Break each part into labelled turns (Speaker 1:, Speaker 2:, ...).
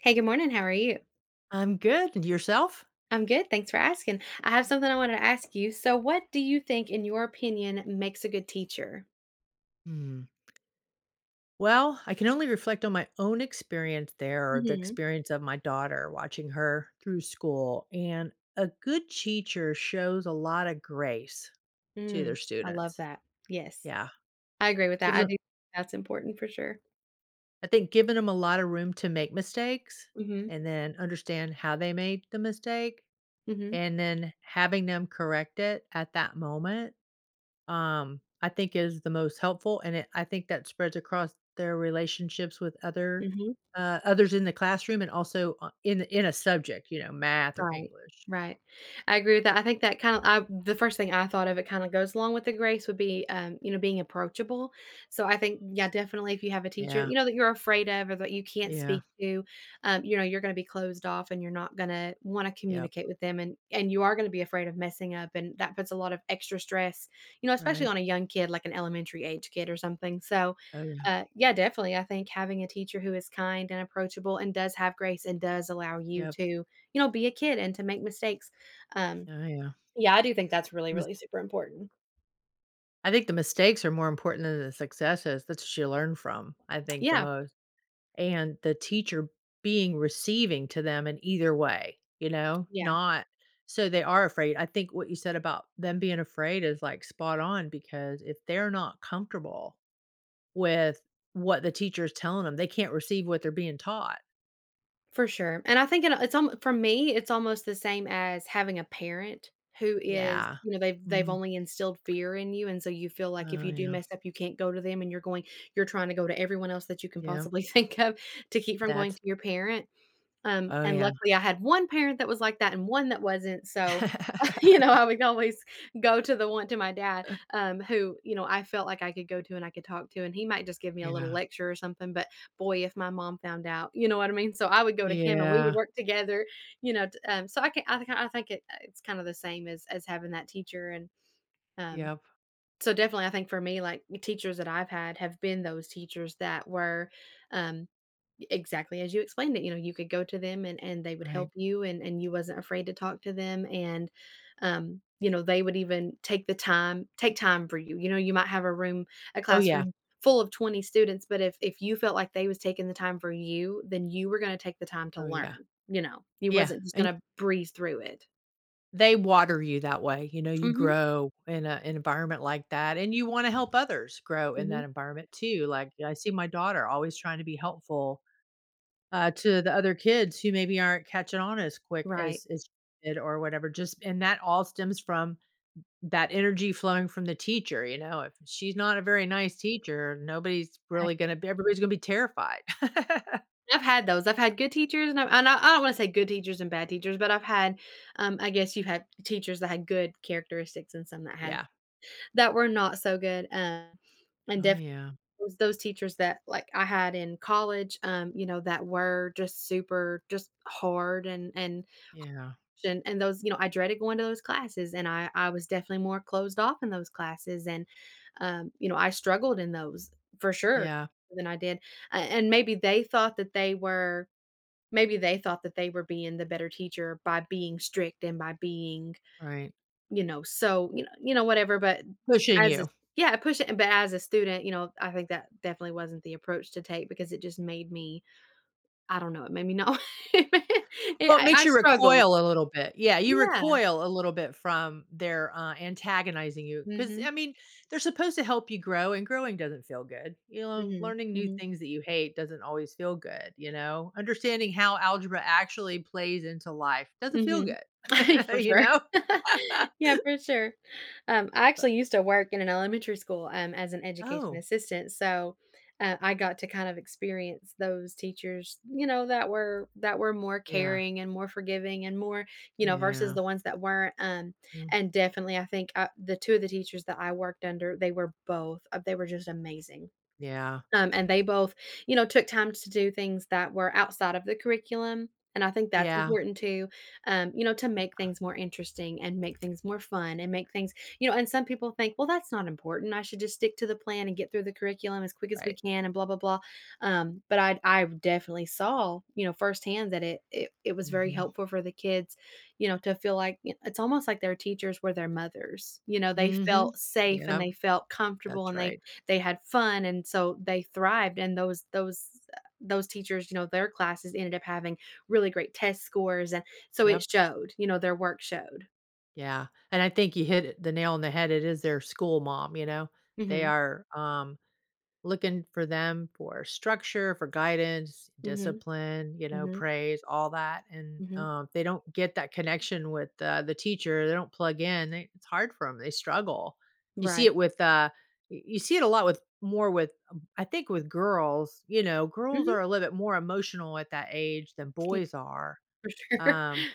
Speaker 1: Hey, good morning, how are you?
Speaker 2: I'm good, and yourself?
Speaker 1: I'm good, thanks for asking; I have something I wanted to ask you, so, what do you think, in your opinion, makes a good teacher?
Speaker 2: Mm. Well, I can only reflect on my own experience there or the
Speaker 1: Mhm.
Speaker 2: experience of my daughter watching her through school, and a good teacher shows a lot of grace to
Speaker 1: Mm,
Speaker 2: their
Speaker 1: I love
Speaker 2: students.
Speaker 1: that, yes.
Speaker 2: Yeah.
Speaker 1: I agree with that,
Speaker 2: Gives
Speaker 1: I
Speaker 2: them
Speaker 1: do that's important for sure.
Speaker 2: I think giving 'em a lotta room to make mistakes,
Speaker 1: Mhm.
Speaker 2: and then understand how they made the mistake,
Speaker 1: Mhm.
Speaker 2: and then having them correct it at that moment, um, I think is the most helpful and it I think that spreads across their relationships with other,
Speaker 1: Mhm.
Speaker 2: uh, others in the classroom and also o in a in a subject, you know, math or
Speaker 1: Right,
Speaker 2: english.
Speaker 1: right. I agree with that, I think that kinda, I the first thing I thought of it kinda goes along with the grace would be, um, you know, being approachable. So, I think, yeah, definitely, if you have a teacher,
Speaker 2: Yeah.
Speaker 1: you know, that you're afraid of, or that you can't
Speaker 2: Yeah.
Speaker 1: speak to, um, you know, you're gonna be closed off and you're not gonna wanna
Speaker 2: Yup.
Speaker 1: communicate with them, and and you are gonna be afraid of messing up, and that puts a lot of extra stress, you know, especially
Speaker 2: Right.
Speaker 1: on a young kid, like, an elementary-age kid or something, so,
Speaker 2: Oh, yeah.
Speaker 1: uh, yeah, definitely, I think having a teacher who is kind and approachable and does have grace and does allow you
Speaker 2: Yup.
Speaker 1: to, you know, be a kid and to make mistakes, um,
Speaker 2: Oh, yeah.
Speaker 1: yeah, I do think that's really,
Speaker 2: Mis
Speaker 1: really super important.
Speaker 2: I think the mistakes are more important than the successes, that's ya learn from, I think, the
Speaker 1: Yeah.
Speaker 2: most and the teacher being receiving to them in either way, you know,
Speaker 1: Yeah.
Speaker 2: not so they are afraid, I think what you said about them being afraid is, like, spot on because if they're not comfortable with what the teacher is telling 'em, they can't receive what they're being taught.
Speaker 1: For sure, and I think and a it's alm for me, it's almost the same as having a parent who is,
Speaker 2: Yeah,
Speaker 1: you know, they've they've
Speaker 2: mm.
Speaker 1: only instilled fear in you, and so you feel like if
Speaker 2: Oh,
Speaker 1: you do
Speaker 2: yeah.
Speaker 1: mess up, you can't go to them, and you're going you're trying to go to everyone else that you can
Speaker 2: Yep.
Speaker 1: possibly think of to keep from going
Speaker 2: That's
Speaker 1: to your parent, um,
Speaker 2: Oh,
Speaker 1: and
Speaker 2: yeah.
Speaker 1: luckily, I had one parent that was like that and one that wasn't, so, you know, I would always go to the one to my dad,
Speaker 2: Uh
Speaker 1: um, who, you know, I felt like I could go to and I could talk to, and he might just give me a little
Speaker 2: Yeah.
Speaker 1: lecture or something, but, boy, if my mom found out, you know what I mean? So, I would go to him, and we would
Speaker 2: Yeah.
Speaker 1: work together, you know, t um, so I can I think I I think it uh, it's kinda the same as as having that teacher, and, um,
Speaker 2: Yep.
Speaker 1: so definitely, I think for me, like, y teachers that I've had have been those teachers that were, um, exactly as you explained it, you know, you could go to them and and they would
Speaker 2: Right.
Speaker 1: help you and and you wasn't afraid to talk to them, and, um, you know, they would even take the time take time for you, you know, you might have a room a
Speaker 2: Oh, yeah.
Speaker 1: classroom full of 20 students, but if if you felt like they was taking the time for you, then you were gonna take the time to
Speaker 2: Oh, yeah.
Speaker 1: learn, you know? You
Speaker 2: Yeah,
Speaker 1: wasn't just
Speaker 2: and
Speaker 1: gonna breeze through it.
Speaker 2: They water you that way. You know, you
Speaker 1: Mhm.
Speaker 2: grow in a environment like that, and you wanna help others grow in that
Speaker 1: Mhm.
Speaker 2: environment too, like, I see my daughter always trying to be helpful, uh, to the other kids who maybe aren't catching on as quick
Speaker 1: Right.
Speaker 2: as as she did or whatever, just and that all stems from th that energy flowing from the teacher, you know? If she's not a very nice teacher, nobody's
Speaker 1: Right.
Speaker 2: really gonna everybody's gonna be terrified.
Speaker 1: I've had those. I've had good teachers, and I and I I don't wanna say good teachers and bad teachers, but I've had um, I guess you had teachers that had good characteristics and some that had
Speaker 2: Yeah.
Speaker 1: that were not so good, uh, and
Speaker 2: Oh,
Speaker 1: def
Speaker 2: yeah.
Speaker 1: those those teachers that, like, I had in college, um, you know, that were just super just, hard and and
Speaker 2: Yeah.
Speaker 1: h and and those you know, I dreaded going to those classes, and I I was definitely more closed off in those classes, and, um, you know, I struggled in those for sure
Speaker 2: Yeah.
Speaker 1: than I did, a and maybe they thought that they were maybe they thought that they were being the better teacher by being strict, and by being,
Speaker 2: Right.
Speaker 1: you know, so, you kno you know, whatever, but
Speaker 2: Pushing
Speaker 1: as
Speaker 2: you.
Speaker 1: Yeah, pushi but as a student, you know, I think that definitely wasn't the approach to take because it just made me I don't know, it made me know
Speaker 2: Well,
Speaker 1: yeah,
Speaker 2: it
Speaker 1: I
Speaker 2: makes
Speaker 1: I
Speaker 2: you
Speaker 1: struggled.
Speaker 2: recoil a little bit yeah, you
Speaker 1: Yeah.
Speaker 2: recoil a little bit from their, uh, antagonizing you, 'cause, I
Speaker 1: Mhm.
Speaker 2: mean, they're supposed to help you grow, and growing doesn't feel good, you know,
Speaker 1: Mhm,
Speaker 2: learning new
Speaker 1: mhm.
Speaker 2: things that you hate doesn't always feel good, you know, understanding how algebra actually plays into life doesn't feel
Speaker 1: Mhm,
Speaker 2: good,
Speaker 1: for
Speaker 2: you
Speaker 1: sure
Speaker 2: know,
Speaker 1: yeah, for sure. Um, I
Speaker 2: Uh
Speaker 1: actually used to work in an elementary school, um, as an education
Speaker 2: Oh.
Speaker 1: assistant, so, uh, I got to kind of experience those teachers, you know, that were that were more
Speaker 2: Yeah.
Speaker 1: caring, and more forgiving, and more you know, versus
Speaker 2: Yeah.
Speaker 1: the ones that weren't, um,
Speaker 2: Mm.
Speaker 1: and definitely, I think o the 2 of the teachers that I worked under, they were both uh, they were just amazing,
Speaker 2: Yeah.
Speaker 1: um, and they both, you know, took time to do things that were outside of the curriculum, and I think that's
Speaker 2: Yeah.
Speaker 1: important too, um, you know, to make
Speaker 2: Yeah.
Speaker 1: things more interesting and make things more fun and make things you know, and some people think, "Well, that's not important, I should just stick to the plan, and get through the curriculum as quick as we
Speaker 2: Right.
Speaker 1: can, and blah blah blah," um, but I'd I definitely saw, you know, firsthand that it it it was very
Speaker 2: Mhm.
Speaker 1: helpful for the kids, you know, to feel like y it's almost like their teachers were their mothers, you know? They
Speaker 2: Mhm,
Speaker 1: felt safe, and
Speaker 2: yep.
Speaker 1: they felt comfortable,
Speaker 2: That's
Speaker 1: and they
Speaker 2: right.
Speaker 1: they had fun, and so they thrived, and those those, uh those teachers, you know, their classes ended up having really great test scores, an so, it
Speaker 2: Yep.
Speaker 1: showed. You know, their work showed.
Speaker 2: Yeah, and I think you hit the nail on the head, it is their school mom, you know? They
Speaker 1: Mhm.
Speaker 2: are, um, looking for them for structure, for guidance,
Speaker 1: Mhm,
Speaker 2: discipline, you know,
Speaker 1: mhm.
Speaker 2: praise, all that, and,
Speaker 1: Mhm.
Speaker 2: uh, they don't get that connection with the the teacher, they don't plug in, it's hard for 'em, they struggle. You see it
Speaker 1: Right.
Speaker 2: with uh, y you see it a lot with more with I think with girls. You know, girls are
Speaker 1: Mhm.
Speaker 2: a little bit more emotional at that age than
Speaker 1: E
Speaker 2: boys are,
Speaker 1: for sure.
Speaker 2: um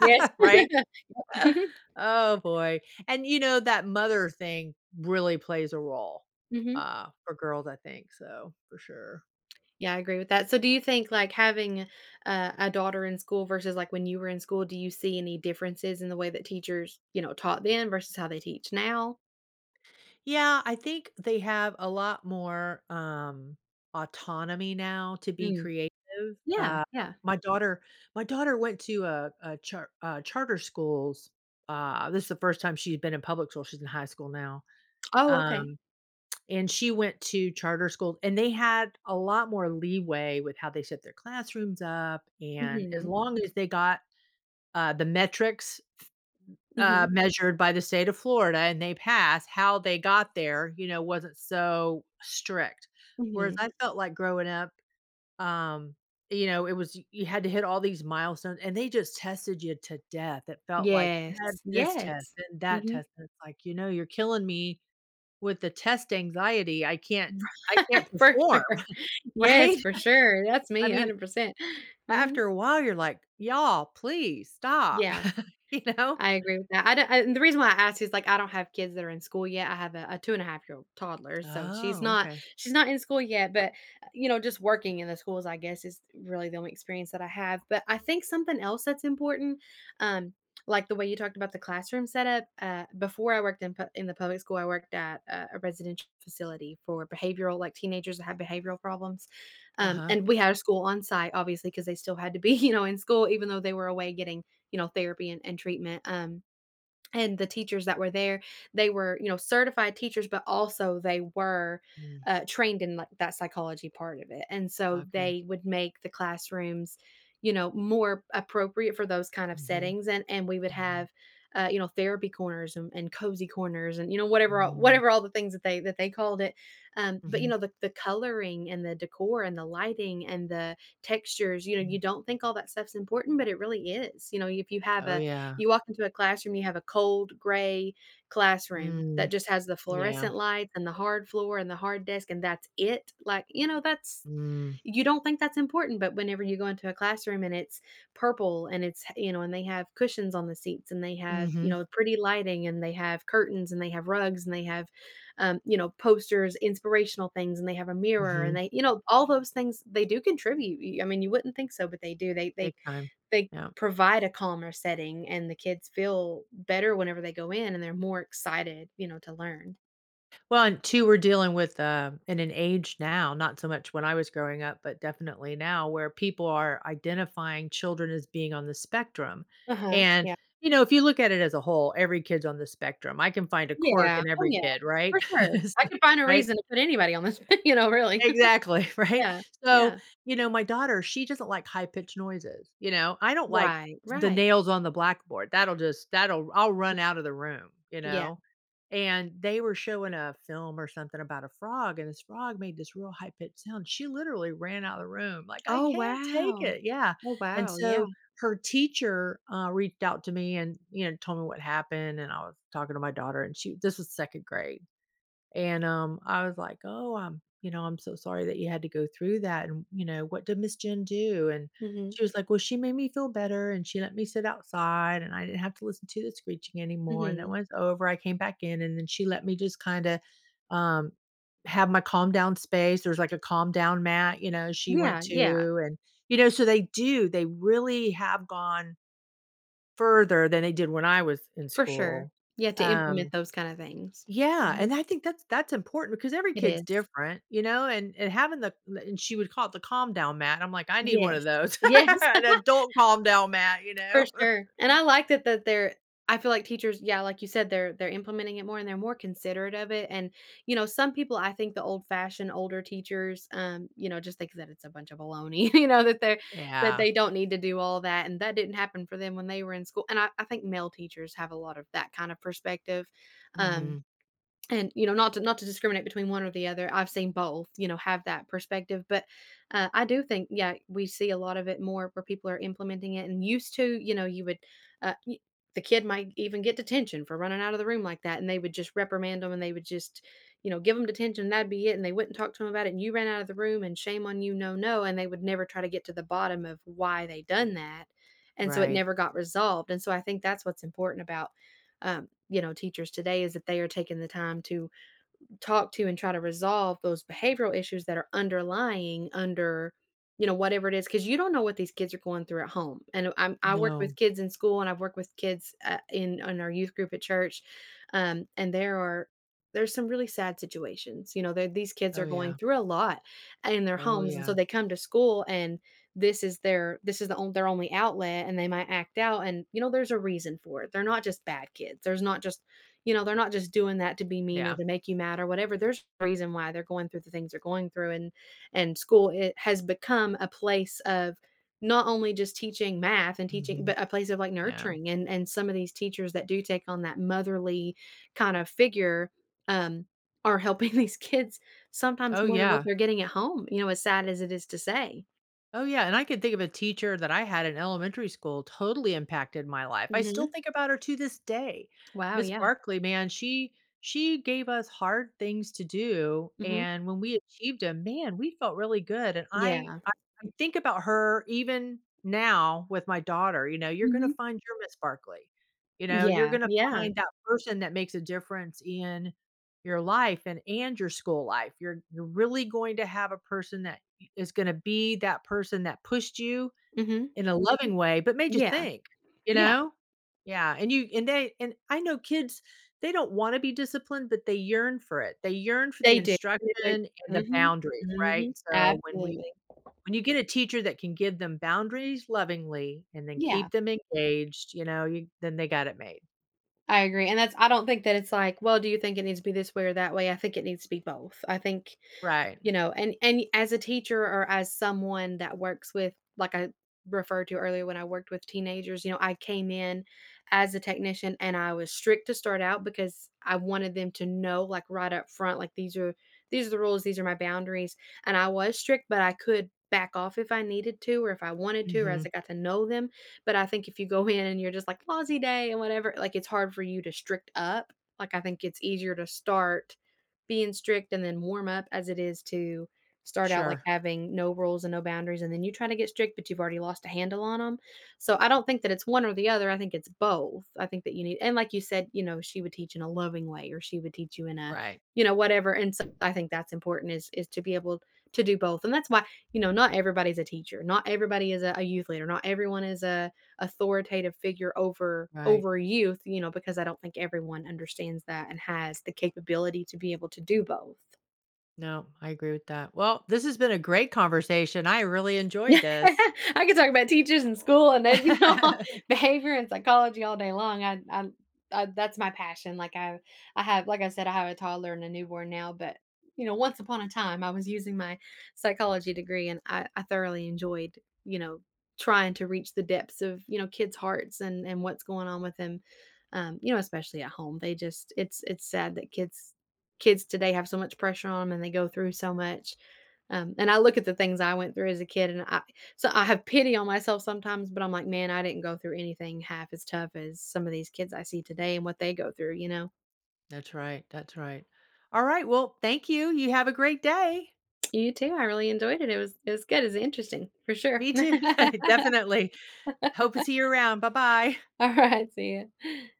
Speaker 1: Yes,
Speaker 2: Right?
Speaker 1: yep.
Speaker 2: Oh boy, and, you know, that mother thing really plays a role,
Speaker 1: Mhm.
Speaker 2: uh, for girls, I think, so, for sure.
Speaker 1: Yeah, I agree with that. So do you think, like, having a a daughter in school versus, like, when you were in school, do you see any differences in the way that teachers, you know, taught then versus how they teach now?
Speaker 2: Yeah. I think they have a lot more, um, autonomy now to be
Speaker 1: Mm.
Speaker 2: creative.
Speaker 1: Yeah,
Speaker 2: Um,
Speaker 1: yeah.
Speaker 2: my daughter my daughter went to a a char uh, charter schools. Uh, this is the first time she had been in public school- she's in high school now.
Speaker 1: Oh, okay.
Speaker 2: Um, and she went to charter schools, and they had a lot more leeway with how they set their classrooms up, and as
Speaker 1: Mhm.
Speaker 2: long as they got, uh, the metrics f uh,
Speaker 1: Mhm.
Speaker 2: measured by the state of Florida and they passed, how they got there, you know, wasn't so strict. Whereas
Speaker 1: Mhm.
Speaker 2: I felt like growing up, um, you know, it was y you had to hit all these milestones and they just tested you to death. It felt like you
Speaker 1: Yes.
Speaker 2: had this test
Speaker 1: Yes.
Speaker 2: and that
Speaker 1: Mhm.
Speaker 2: test, and it's like, you know, you're killing me with the test anxiety. I can't I
Speaker 1: Right?
Speaker 2: can't
Speaker 1: For
Speaker 2: perform.
Speaker 1: sure. Yes,
Speaker 2: Right?
Speaker 1: for sure, that's
Speaker 2: I
Speaker 1: me
Speaker 2: mean,
Speaker 1: 100%.
Speaker 2: a
Speaker 1: Mhm.
Speaker 2: after a while, you're like, "Y'all, please stop."
Speaker 1: Yeah.
Speaker 2: You know?
Speaker 1: I agree with that. I don't and the reason why I asked is, like, I don't have kids that are in school yet. I have a a two and a half year old toddler, so she's
Speaker 2: Oh,
Speaker 1: not
Speaker 2: okay.
Speaker 1: she's not in school yet, but, uh, you know, just working in the schools, I guess, is really the only experience that I have. But I think something else that's important, um, like the way you talked about the classroom setup, uh, before I worked in p in the public school, I worked at a a residential facility for behavioral like, teenagers that have behavioral problems, um,
Speaker 2: Uh-huh.
Speaker 1: and we had a school on-site, obviously, 'cause they still had to be, you know, in school even though they were away getting, you know, therapy and and treatment, um, and the teachers that were there, they were, you know, certified teachers, but also they were,
Speaker 2: Mm.
Speaker 1: uh, trained in, like, that psychology part of it and so
Speaker 2: Okay.
Speaker 1: they would make the classrooms, you know, more appropriate for those kind of
Speaker 2: Mhm.
Speaker 1: settings, and and we would
Speaker 2: Mhm.
Speaker 1: have, uh, you know, therapy corners and and cozy corners and, you know, whatever all
Speaker 2: Mm.
Speaker 1: whatever all the things that they that they called it. Um, but, you
Speaker 2: Mhm.
Speaker 1: know, the the coloring and the decor and the lighting and the textures, you know, you
Speaker 2: Mm.
Speaker 1: don't think all that stuff's important, but it really is. You know, if you have
Speaker 2: Oh,
Speaker 1: a
Speaker 2: yeah.
Speaker 1: you walk into a classroom, you have a cold gray classroom
Speaker 2: Mm.
Speaker 1: that just has the
Speaker 2: Yeah.
Speaker 1: fluorescent lights and the hard floor and the hard desk, and that's it? Like, you know, that's
Speaker 2: Mm.
Speaker 1: you don't think that's important, but whenever you go into a classroom and it's purple and it's h you know, and they have cushions on the seats and they have, you
Speaker 2: Mhm.
Speaker 1: know, pretty lighting and they have curtains and they have rugs and they have, um, you know, posters, inspirational things, and they have a mirror and
Speaker 2: Mhm.
Speaker 1: they you know, all those things, they do contribute. You I mean, you wouldn't think so, but they do. They they
Speaker 2: Big time.
Speaker 1: they
Speaker 2: Yeah.
Speaker 1: provide a calmer setting, and the kids feel better whenever they go in, and they're more excited, you know, to learn.
Speaker 2: Well, and two, we're dealing with uh in an age now, not so much when I was growing up, but definitely now where people are identifying children as being on the spectrum.
Speaker 1: Uh-huh,
Speaker 2: And,
Speaker 1: yeah.
Speaker 2: you know, if you look at it as a whole, every kid's on the spectrum. I can find a quirk
Speaker 1: Yeah.
Speaker 2: in
Speaker 1: Oh
Speaker 2: every
Speaker 1: yeah,
Speaker 2: kid,
Speaker 1: for
Speaker 2: right?
Speaker 1: sure.
Speaker 2: Is
Speaker 1: I
Speaker 2: th
Speaker 1: can find a
Speaker 2: right?
Speaker 1: reason to put anybody on the s you know, really.
Speaker 2: Exactly, right?
Speaker 1: Yeah,
Speaker 2: So,
Speaker 1: yeah.
Speaker 2: you know, my daughter, she just don't like high pitched noises, you know? I don't like
Speaker 1: Right,
Speaker 2: the
Speaker 1: right.
Speaker 2: nails on the blackboard, that'll just that'll I'll
Speaker 1: [unintelligible]
Speaker 2: run out of the room, you
Speaker 1: Yeah.
Speaker 2: know? And, they were showing a film or something about a frog, and this frog made this real high pitch sound. She literally ran out the room, like, "I
Speaker 1: Oh,
Speaker 2: can't take
Speaker 1: wow!
Speaker 2: it!" Yeah.
Speaker 1: Oh,
Speaker 2: And
Speaker 1: wow.
Speaker 2: so,
Speaker 1: Yeah.
Speaker 2: her teacher, uh, reached out to me and, you know, told me what happened, and I was talking to my daughter and she this was 2nd grade, and, um, I was like, "Oh, um, you know, I'm so sorry that you had to go through that and, you know, what did Miss Jane do?" And,
Speaker 1: Mhm.
Speaker 2: she was like, "Well, she made me feel better, and she let me sit outside, and I didn't have to listen to the screeching anymore and then
Speaker 1: Mhm.
Speaker 2: when it's over I came back in and then she let me just kinda, um, have my calm down space." There's like a calm down mat, you know, she went
Speaker 1: Yeah, yeah.
Speaker 2: to. And, you know, so they do, they really have gone further than they did when I was in
Speaker 1: For sure.
Speaker 2: school.
Speaker 1: Yeah, to implement
Speaker 2: Um,
Speaker 1: those kinda things.
Speaker 2: yeah,
Speaker 1: Mhm.
Speaker 2: and I think that's that's important because every
Speaker 1: It
Speaker 2: kid's
Speaker 1: is.
Speaker 2: different, you know? And and having the the and she would call it the calm down mat. I'm like, "I need one of
Speaker 1: Yes.
Speaker 2: those."
Speaker 1: Yes.
Speaker 2: An adult calm down mat, you
Speaker 1: For
Speaker 2: know?
Speaker 1: sure. And I like that that they're I feel like teachers yeah, like you said, they're they're implementing it more and they're more considerate of it. And, you know, some people, I think the old-fashioned older teachers, um, you know, just think that it's a bunch of a looney you know? That they that
Speaker 2: Yeah.
Speaker 1: they don't need to do all that, and that didn't happen for them when they were in school. And I I think male teachers have a lot of that kinda perspective, um,
Speaker 2: Mhm.
Speaker 1: and, you know, not to not to discriminate between one or the other, I've seen both, you know, have that perspective, but, uh, I do think, yeah, we see a lot of it more where people are implementing it and used to. You know, you would, uh, you the kid might even get detention for running out of the room like that, and they would just reprimand them, and they would just, you know, give 'em detention and that'd be it, and they wouldn't talk to him about it. And, "You ran out of the room" and, "Shame on you, no no." And they would never try to get to the bottom of why they done that, and so it
Speaker 2: Right.
Speaker 1: never got resolved. And so I think that's what's important about, um, you know, teachers today. Is that they are taking the time to talk to and try to resolve those behavioral issues that are underlying under, you know, whatever it is 'cause you don't know what these kids are going through at home. I know, I'm I work
Speaker 2: No.
Speaker 1: with kids in school, and I've worked with kids, uh, in on our youth group at church, um, and there are there are some really sad situations, you know? Their these kids
Speaker 2: Oh,
Speaker 1: are going
Speaker 2: yeah.
Speaker 1: through a lot in their
Speaker 2: Oh,
Speaker 1: homes, and so
Speaker 2: yeah.
Speaker 1: they come to school, and this is their this is the on their only outlet, and they might act out and, you know, there's a reason for it. They're not just bad kids. There's not just, you know, they're not just doing that to be mean or
Speaker 2: Yeah.
Speaker 1: to make you mad or whatever. There's reason why they're going through the things they're going through, and and school, it has become a place of not only just teaching math and teaching,
Speaker 2: Mhm.
Speaker 1: but a place of like,
Speaker 2: Yeah.
Speaker 1: nurturing, and and some of these teachers that do take on that motherly kinda figure, um, are helping these kids sometimes
Speaker 2: Oh,
Speaker 1: more than what
Speaker 2: yeah.
Speaker 1: they're getting at home, you know, as sad as it is to say.
Speaker 2: Oh, yeah, and I could think of a teacher that I had in elementary school totally impacted my life. I still
Speaker 1: Mhm.
Speaker 2: think about her to this day.
Speaker 1: Wow,
Speaker 2: Ms.
Speaker 1: yeah.
Speaker 2: Barkley, man, she she gave us hard things to do,
Speaker 1: Mhm.
Speaker 2: and when we achieved 'em, man, we felt really good, and I
Speaker 1: Yeah.
Speaker 2: I I think about her even now with my daughter, you know, you're gonna
Speaker 1: Mhm.
Speaker 2: find your Ms. Barkley. You know? You're
Speaker 1: Yeah,
Speaker 2: gonna
Speaker 1: yeah.
Speaker 2: find that person that makes a difference in your life and and your school life. You're you're really going to have a person that y is gonna be that person that pushed you
Speaker 1: Mhm.
Speaker 2: in a loving way, but made you
Speaker 1: Yeah.
Speaker 2: think. You
Speaker 1: Yeah.
Speaker 2: know? Yeah, and you and they and I know kids, they don't wanna be disciplined, but they yearn for it. They yearn for the
Speaker 1: They do,.
Speaker 2: instruction
Speaker 1: [unintelligible]
Speaker 2: and the
Speaker 1: Mhm.
Speaker 2: boundaries, right?
Speaker 1: Mhm.
Speaker 2: So, when we
Speaker 1: Absolutely.
Speaker 2: when you get a teacher that can give them boundaries lovingly and then
Speaker 1: Yeah.
Speaker 2: keep them engaged, you know, you then they got it made.
Speaker 1: I agree. And that's I don't think that it's like, "Well, do you think it needs to be this way or that way?" I think it needs to be both. I think
Speaker 2: Right.
Speaker 1: you know? And and as a teacher or as someone that works with like I referred to earlier when I worked with teenagers, you know, I came in as a technician, and I was strict to start out because I wanted them to know, like, right up front, like, "These are these are the rules. These are my boundaries," and I was strict, but I could back off if I needed to, or if I wanted to, or as
Speaker 2: Mhm.
Speaker 1: I got to know them, but I think if you go in and you're just like, "Lousy day," and whatever, like, it's hard for you to strict up. Like, I think it's easier to start being strict and then warm up, as it is to start out, like,
Speaker 2: Sure.
Speaker 1: having no rules and no boundaries and then you try to get strict, but you've already lost a handle on 'em. So, I don't think that it's one or the other, I think it's both. I think that you need And like you said, you know, she would teach in a loving way, or she would teach you in a
Speaker 2: Right.
Speaker 1: you know, whatever, and so I think that's important is is to be able to do both and that's why, you know, not everybody's a teacher. Not everybody is a a youth leader. Not everyone is a authoritative figure over
Speaker 2: Right.
Speaker 1: over youth, you know, because I don't think everyone understands that and has the capability to be able to do both.
Speaker 2: No. I agree with that. Well, this has been a great conversation. I really enjoyed this.
Speaker 1: I can talk about teachers and school and then, you know, behavior and psychology all day long. I'd I'd I'd that's my passion. Like, I I have like I said, I have a toddler and a newborn now, but, you know, once upon a time, I was using my psychology degree, and I I thoroughly enjoyed, you know, trying to reach the depths of, you know, kids' hearts and and what's going on with them, um, you know, especially at home. They just it's it's sad that kids kids today have so much pressure on 'em, and they go through so much. Um, and I look at the things I went through as a kid, and I so I have pity on myself sometimes, but I'm like, "Man, I didn't go through anything half as tough as some of these kids I see today and what they go through," you know?
Speaker 2: That's right, that's right. Alright, well, thank you. You have a great day.
Speaker 1: You too. I really enjoyed it. It was it was good. It was interesting, for sure.
Speaker 2: Me too. Definitely. Hope to see you around. Bye-bye.
Speaker 1: Alright. See ya.